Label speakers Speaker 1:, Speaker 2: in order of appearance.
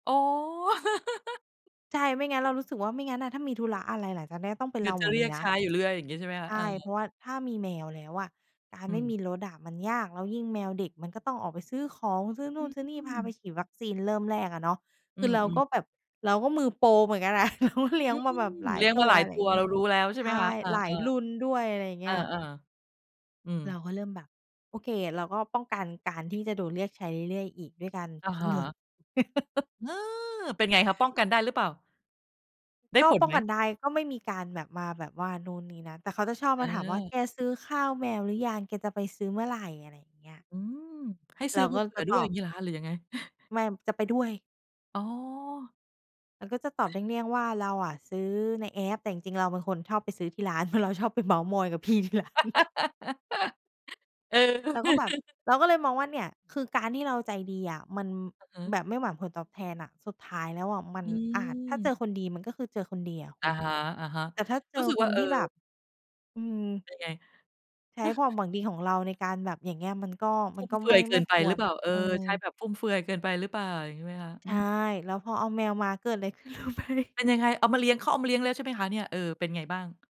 Speaker 1: อ๋อ
Speaker 2: ใช่ ไม่งั้น เรารู้สึกว่าไม่งั้นน่ะ ถ้ามีธุระอะไรหลังจากเนี้ย ต้องเป็
Speaker 1: เ
Speaker 2: น
Speaker 1: ดี๋
Speaker 2: เ
Speaker 1: ย
Speaker 2: รา
Speaker 1: วจะ
Speaker 2: หม
Speaker 1: เ
Speaker 2: ด
Speaker 1: ร
Speaker 2: เ
Speaker 1: ี
Speaker 2: ล
Speaker 1: ย
Speaker 2: ย
Speaker 1: ก
Speaker 2: น
Speaker 1: ใช
Speaker 2: ะ
Speaker 1: ้อยู่เรื่อย อย่างงี้ ใช่ไหมค
Speaker 2: ใ
Speaker 1: ะ?
Speaker 2: ช
Speaker 1: เอ
Speaker 2: ่
Speaker 1: อ
Speaker 2: เพราะว่าถ้ามีแมวแล้วอะ การ
Speaker 1: อ
Speaker 2: ไม่
Speaker 1: ื
Speaker 2: ม
Speaker 1: ม
Speaker 2: ีรถอะมันยาก แล้วยิ่งแมวเด็กมันก็ต้องออกไปซื้อของ ซื้อน
Speaker 1: อ
Speaker 2: ู
Speaker 1: ื
Speaker 2: ่นซื้อนี่ พาไป
Speaker 1: ม
Speaker 2: ฉีดวัคซีน เริ่มแรกอะเนาะ
Speaker 1: อื
Speaker 2: คือ
Speaker 1: อ
Speaker 2: เรา
Speaker 1: อื
Speaker 2: ก
Speaker 1: ม
Speaker 2: ็แบบ เราก็มือโปรเหมือนกันนะ เราก็เลี
Speaker 1: อื
Speaker 2: ้ยง ม
Speaker 1: ม
Speaker 2: าแบบหลา
Speaker 1: เล
Speaker 2: ย
Speaker 1: ี้ยง
Speaker 2: ต
Speaker 1: ม
Speaker 2: ั
Speaker 1: าห
Speaker 2: ว
Speaker 1: ลาย
Speaker 2: อะไร
Speaker 1: ต
Speaker 2: อ
Speaker 1: ั
Speaker 2: ย่
Speaker 1: ว
Speaker 2: างเง
Speaker 1: เ
Speaker 2: ี
Speaker 1: ร
Speaker 2: ้
Speaker 1: า
Speaker 2: ย
Speaker 1: รู้แล้ว ใช่
Speaker 2: ใช
Speaker 1: ไหม
Speaker 2: ่
Speaker 1: คะ? เออ
Speaker 2: หลายรุ
Speaker 1: ๆ
Speaker 2: ่นด้วย อะไรอย่างเ
Speaker 1: เ
Speaker 2: ง
Speaker 1: อ
Speaker 2: ี้ย
Speaker 1: อ ๆ อืม
Speaker 2: เราก็เริ่มแบบ โอเคอะ เราก็ป้องกันการที่จะโดนเรียกใช้เรื่อยอีก ด้วยการ
Speaker 1: อะ
Speaker 2: คิ
Speaker 1: ฮ
Speaker 2: ดเงิน
Speaker 1: ะ เออ เป็นไงคะ? ป้องกันได้หรือเปล่า? ได้
Speaker 2: ก็
Speaker 1: ผล
Speaker 2: ป้อ
Speaker 1: ไห
Speaker 2: ง
Speaker 1: ม?
Speaker 2: กันได้ ก็ไม่มีการแบบมาแบบว่านู่นนี่นั่น แต่เขาจะชอบมาถามว่า
Speaker 1: เออ
Speaker 2: "แกซื้อข้าวแมวหรือยัง? แกจะไปซื้อเมื่อไหร่?" อะไรอย่างเงี้ย
Speaker 1: อืม ให้ซ
Speaker 2: เ
Speaker 1: ื
Speaker 2: ร
Speaker 1: ้
Speaker 2: า
Speaker 1: อม
Speaker 2: ก
Speaker 1: า
Speaker 2: ็
Speaker 1: เผื่
Speaker 2: จ
Speaker 1: อ
Speaker 2: ะ
Speaker 1: ด
Speaker 2: ต
Speaker 1: ้วย
Speaker 2: อ
Speaker 1: อย่า
Speaker 2: บ
Speaker 1: งงี้เหรอคะ? หรือยังไง?
Speaker 2: แม่ม จะไปด้วย
Speaker 1: อ๋อ
Speaker 2: เราก็จะตอบเลี่ยง ๆ ว่า เราอะซื้อในแอป แต่จริง ๆ เราเป็นคนชอบไปซื้อที่ร้าน เพราะเราชอบไปเมาท์มอยกับพี่ที่ร้าน
Speaker 1: เออ
Speaker 2: เราก็แบบ เราก็เลยมองว่าเนี่ย คือการที่เราใจดีอะมัน
Speaker 1: อือ
Speaker 2: แบบไม่หวังผลตอบแทนอะ สุดท้ายแล้วอะมัน
Speaker 1: อื
Speaker 2: อาจ ถ้าเจ
Speaker 1: ม
Speaker 2: อคนดีมันก็คือเจอคนดีอะค
Speaker 1: อ
Speaker 2: ุ
Speaker 1: ะ
Speaker 2: ณ
Speaker 1: ฮะ
Speaker 2: แต่ถ้าเ
Speaker 1: ๆ
Speaker 2: จ
Speaker 1: ร
Speaker 2: อ
Speaker 1: ู้สึก
Speaker 2: ค
Speaker 1: ว่า
Speaker 2: น
Speaker 1: เอ
Speaker 2: ท
Speaker 1: อ
Speaker 2: ี่แบบ อือ
Speaker 1: เป็นไง?
Speaker 2: ใช้ความหวังดีของเราในการแบบ อย่างเงี้ย มันก็
Speaker 1: ฟ
Speaker 2: มั
Speaker 1: ุ่
Speaker 2: น
Speaker 1: ม
Speaker 2: ก็
Speaker 1: เฟื
Speaker 2: ไม
Speaker 1: อ
Speaker 2: ่
Speaker 1: ยเก
Speaker 2: ไ
Speaker 1: ิ
Speaker 2: ม่
Speaker 1: นไป
Speaker 2: ค
Speaker 1: ห
Speaker 2: ว
Speaker 1: รือ
Speaker 2: ร
Speaker 1: เปล่า? เออ
Speaker 2: เอ
Speaker 1: ใช้
Speaker 2: อ
Speaker 1: แบบฟุ่มเฟือยเกินไปหรือเปล่า? อย่างงี้ไหมคะ? อ
Speaker 2: ใ
Speaker 1: ื
Speaker 2: ช่
Speaker 1: ม
Speaker 2: แล้วพอเอาแมวมา เกิดไร ขึ้นรู้ไหม?
Speaker 1: เป็นยังไง? เอามาเลี้ยง เขาเอามาเลี้ยงแล้ว ใช่ไหมคะเนี่ย? เออ เป็นไงบ้าง?